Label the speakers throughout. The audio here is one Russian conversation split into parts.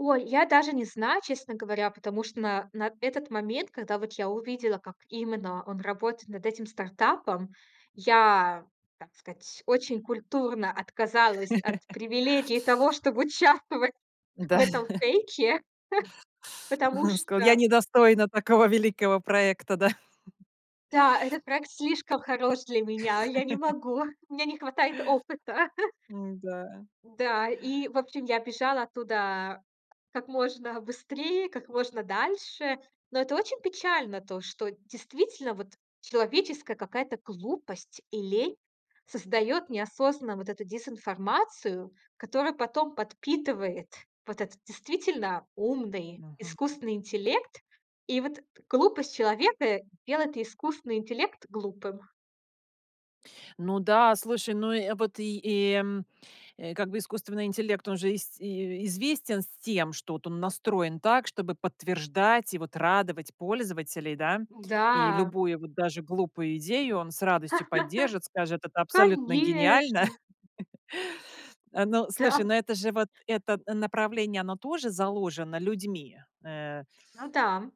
Speaker 1: Ой, я даже не знаю, честно говоря. Потому что на на этот момент, когда вот я увидела, как именно он работает над этим стартапом, я, так сказать, очень культурно отказалась от привилегии того, чтобы участвовать
Speaker 2: Да.
Speaker 1: в этом фейке, потому
Speaker 2: Сказал: "Я
Speaker 1: что
Speaker 2: не достойна такого великого проекта", да.
Speaker 1: Да, этот проект слишком хорош для меня. Я не могу. У меня не хватает опыта.
Speaker 2: Ну да.
Speaker 1: Да, и, в общем, я бежала оттуда как можно быстрее, как можно дальше. Но это очень печально то, что действительно вот человеческая какая-то глупость и лень создаёт неосознанно вот эту дезинформацию, которую потом подпитывает вот этот действительно умный,
Speaker 2: Мгм.
Speaker 1: искусственный интеллект. И вот глупость человека делает искусственный интеллект глупым.
Speaker 2: Ну да, слушай, ну, э, вот и и, э, как бы искусственный интеллект, он же ис известен с тем, что он настроен так, чтобы подтверждать и, вот, радовать пользователей, да. И
Speaker 1: Да.
Speaker 2: любую, вот, даже глупую идею он с радостью поддержит, скажет: "Это абсолютно гениально".
Speaker 1: Конечно.
Speaker 2: А, но, слушай,
Speaker 1: Да.
Speaker 2: но это же, вот, это направление, оно тоже заложено людьми, э
Speaker 1: Ну да.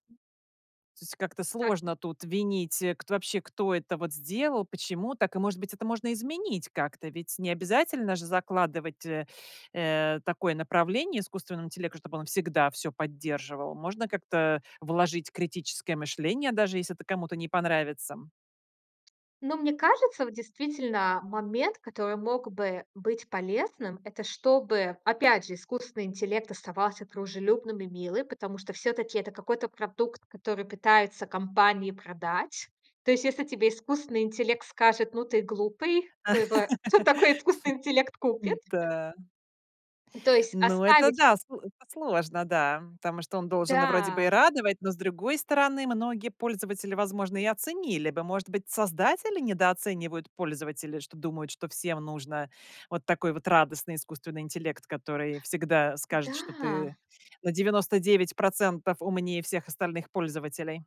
Speaker 2: То есть как-то
Speaker 1: Так.
Speaker 2: сложно тут винить, э, кто вообще, кто это вот сделал, почему так, и, может быть, это можно изменить как-то. Ведь не обязательно же закладывать, э, э, такое направление искусственному интеллекту, чтобы он всегда всё поддерживал. Можно как-то вложить критическое мышление, даже если это кому-то не понравится.
Speaker 1: Но мне кажется, вот действительно, момент, который мог бы быть полезным,- это чтобы, опять же, искусственный интеллект оставался дружелюбным и милым, потому что всё-таки это какой-то продукт, который пытаются компании продать. То есть если тебе искусственный интеллект скажет: "Ну, ты глупый", [unintelligible] кто такой искусственный интеллект купит?
Speaker 2: М-да.
Speaker 1: То есть
Speaker 2: Ну, это
Speaker 1: оставить
Speaker 2: да,
Speaker 1: к
Speaker 2: сло это сложно, да, потому что он должен вроде бы и
Speaker 1: Да.
Speaker 2: радовать. Но, с другой стороны, многие пользователи, возможно, и оценили бы, может быть, создатели недооценивают пользователей, что думают, что всем нужен вот такой вот радостный искусственный интеллект, который всегда скажет, что
Speaker 1: Да.
Speaker 2: ты на 99 % умнее всех остальных пользователей.